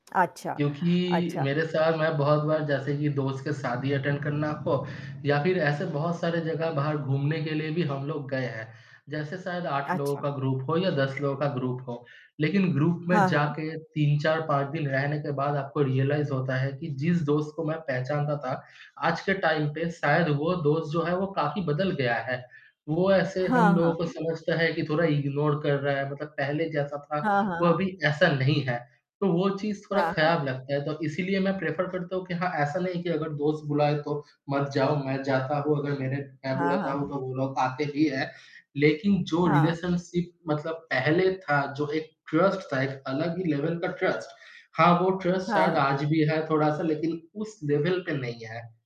अच्छा, क्योंकि अच्छा। मेरे साथ मैं बहुत बार, जैसे कि दोस्त के शादी अटेंड करना हो, या फिर ऐसे बहुत सारे जगह बाहर घूमने के लिए भी हम लोग गए हैं। जैसे शायद 8 लोगों अच्छा। का ग्रुप हो या 10 लोगों का ग्रुप हो, लेकिन ग्रुप में हाँ, हाँ। जाके 3, 4, 5 दिन रहने के बाद आपको रियलाइज़ होता है कि, जिस दोस्त को मैं पहचानता था, आज के टाइम पे शायद वो दोस्त जो है, वो काफ़ी बदल गया है। वो ऐसे हाँ, हम लोगों को हाँ। समझता है कि थोड़ा इग्नोर कर रहा है, मतलब पहले जैसा था, हाँ, हाँ, वो हाँ। अभी ऐसा नहीं है, तो वो चीज़ थोड़ा हाँ, हाँ। खराब लगता है। तो इसीलिए मैं प्रेफ़र करता हूँ कि हाँ, ऐसा नहीं है कि अगर दोस्त बुलाए, तो मत जाओ, मैं जाता हूँ। अगर मेरे मैं हाँ, बुलाता हूँ, हाँ। तो वो लोग आते ही हैं। लेकिन जो हाँ। रिलेशनशिप मतलब पहले था, जो एक ट्रस्ट था, एक अलग ही लेवल का ट्रस्ट। हाँ, वो ट्रस्ट हाँ, शायद हाँ। आज भी है थोड़ा-सा, लेकिन उस लेवल पे नहीं है।